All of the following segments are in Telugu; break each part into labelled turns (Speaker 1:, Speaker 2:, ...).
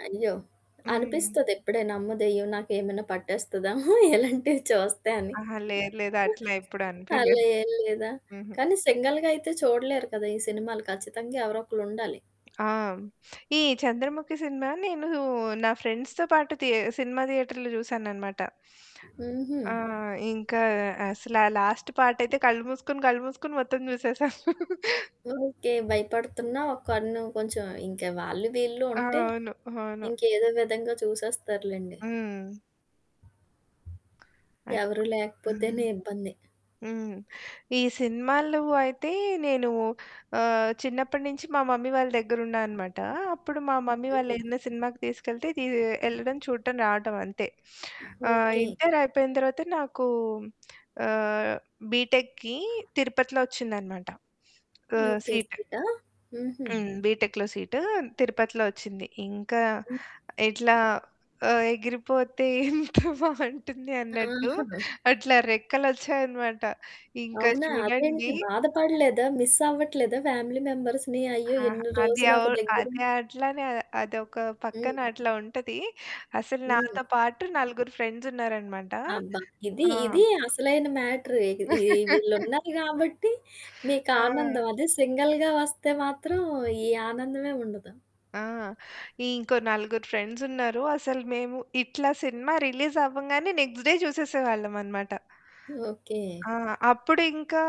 Speaker 1: అయ్యో!
Speaker 2: హ్మ్.
Speaker 1: అనిపిస్తది. ఇప్పుడేన "ఆమ్మో దయ్యం! నాకేమైనా పట్టేస్తదా?" ఇలాంటివి చూస్తే అని.
Speaker 2: అహా! లేదు లేదు. అట్లా ఎప్పుడు
Speaker 1: అలా
Speaker 2: అనిపియలేదు.
Speaker 1: ఏం లేదా?
Speaker 2: హుహు.
Speaker 1: కానీ, సింగిల్‌గా అయితే చూడలేరు కదా! ఈ సినిమాలు ఖచ్చితంగా ఎవరో ఒకళ్ళు ఉండాలి.
Speaker 2: ఆ! ఈ చంద్రముఖి సినిమా నేను నా ఫ్రెండ్స్‌తో పాటు తే సినిమా థియేటర్‌లో చూశాననమాట.
Speaker 1: హుహు.
Speaker 2: ఆ! ఇంక అసలు ఆ లాస్ట్ పార్ట్ అయితే కళ్ళు మూసుకొని, కళ్ళు మూసుకొని మొత్తం చూసేసాను.
Speaker 1: ఓకే. భయపడుతున్నా ఒ కన్ను కొంచెం ఇంక వాళ్ళు వీళ్ళు
Speaker 2: ఆ!
Speaker 1: ఉంటే,
Speaker 2: అవును. అవును.
Speaker 1: ఇంకేదో విధంగా చూసేస్తారులెండి.
Speaker 2: హ్మ్. అదే.
Speaker 1: ఎవరు
Speaker 2: హ్మ్.
Speaker 1: లేకపోతేనే ఇబ్బంది.
Speaker 2: హ్మ్. ఈ సినిమాలు అయితే నేను ఆహ్, చిన్నప్పటి నుంచి మా మమ్మీ వాళ్ళ దగ్గర ఉన్నాననమాట. అప్పుడు మా మమ్మీ వాళ్ళు
Speaker 1: హ్మ్.
Speaker 2: ఏదన్నా సినిమాకి తీసుకెళ్తే తీ ఎళ్లడం, చూడటం, రావటం అంతే. ఆహ్,
Speaker 1: ఓకే.
Speaker 2: ఇంటర్ అయిపోయిన తర్వాత నాకు ఆహ్, బీటెక్‌కి తిరుపతిలో ఒచ్చిందనమాట. ఆహ్,
Speaker 1: ఓకే.
Speaker 2: సీట్.
Speaker 1: సీటా? హుహు.
Speaker 2: హ్మ్. బీటెక్‌లో సీటు తిరుపతిలో ఒచ్చింది. ఇంక
Speaker 1: హ్మ్.
Speaker 2: ఇట్లా ఆహ్, ఎగిరిపోతే ఎంత బావుంటుంది అన్నట్టు
Speaker 1: ఆహా!
Speaker 2: అట్లా రెక్కలొచ్చాయనమాట. ఇంక
Speaker 1: అవునా! అదేంటి?
Speaker 2: చూడండి
Speaker 1: బాధపడలేదా? మిస్ అవ్వట్లేదా ఫ్యామిలీ మెంబర్స్‌ని? అయ్యో!
Speaker 2: ఆహా!
Speaker 1: ఇన్ని
Speaker 2: అది
Speaker 1: రోజులు ఒక
Speaker 2: అవును.
Speaker 1: దగ్గర
Speaker 2: అదే
Speaker 1: ఉంటే.
Speaker 2: అట్లనే అదొక పక్కన
Speaker 1: హ్మ్.
Speaker 2: అట్లా ఉంటది. అసలు
Speaker 1: హ్మ్.
Speaker 2: నాతో పాటు నలుగురు ఫ్రెండ్స్ ఉన్నారనమాట.
Speaker 1: అబ్బా! ఇది
Speaker 2: ఆ!
Speaker 1: ఇది అసలైన మ్యాటరు ఇక ఈ వీళ్ళున్నారు కాబట్టి మీకు
Speaker 2: ఆ!
Speaker 1: ఆనందం. అది సింగిల్‌గా వస్తే మాత్రం ఈ ఆనందమే ఉండదు.
Speaker 2: ఆ! ఇంకో నలుగురు ఫ్రెండ్సున్నారు. అసలు మేము ఇట్లా సినిమా రిలీజ్ అవ్వంగానే నెక్స్ట్ డే చూసేసేవాళ్ళమనమాట.
Speaker 1: ఓకే.
Speaker 2: ఆ! అప్పుడు ఇంకా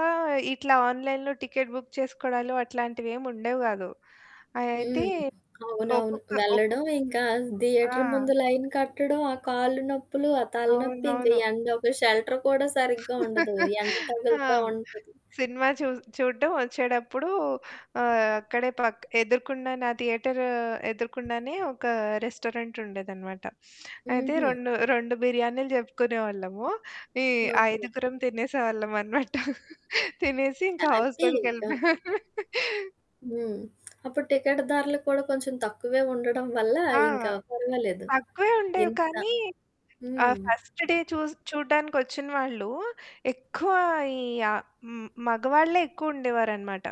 Speaker 2: ఇట్లా ఆన్‌లైన్‌లో టికెట్ బుక్ చేసుకోవడాలు అట్లాంటివేమీ ఉండేవి గాదు. అయితే
Speaker 1: హ్మ్. అవునవును.
Speaker 2: ఒక్కొక్క ఒక్కొ
Speaker 1: వెళ్లడం, ఇంకా థియేటర్
Speaker 2: ఆ!
Speaker 1: ముందు లైన్ కట్టడం, ఆ కాళ్ళు నొప్పులు, ఆ తలనొప్పి, ఇంక
Speaker 2: అవునవును.
Speaker 1: ఎండ. ఒక షెల్టర్ కూడా సరిగ్గా ఉండదు. ఎండ
Speaker 2: ఆ!
Speaker 1: తగులుతూ ఉంటది.
Speaker 2: సినిమా చూస్ చూడడం వచ్చేటప్పుడు ఆహ్, అక్కడే పక్ ఎదురుగుండానే ఆ థియేటరు ఎదురుగుండానే ఒక రెస్టారెంట్ ఉండేదనమాట. అయితే
Speaker 1: హుహు.
Speaker 2: రెండు రెండు బిర్యానీలు చెప్పుకునేవాళ్ళము. ఈ
Speaker 1: ఓకే.
Speaker 2: ఐదుగురం తినేసేవాళ్ళమనమాట. తినేసి ఇంకా
Speaker 1: హ్యాపీ
Speaker 2: హాస్టల్‌కెళ్లిపోయాం.
Speaker 1: ఇంక. హ్మ్. అప్పుడు టికెట్టు ధరలు కూడా కొంచెం తక్కువే ఉండడం వల్ల
Speaker 2: ఆ!
Speaker 1: ఇంక పర్వాలేదు.
Speaker 2: తక్కువే ఉండేవి
Speaker 1: ఎంత
Speaker 2: కానీ, ఆ
Speaker 1: హ్మ్.
Speaker 2: ఫస్ట్ డే చూస్ చూడడానికి ఒచ్చిన వాళ్ళు ఎక్కువ ఈ య హ్మ్, మగవాళ్ళే ఎక్కువ ఉండేవారనమాట.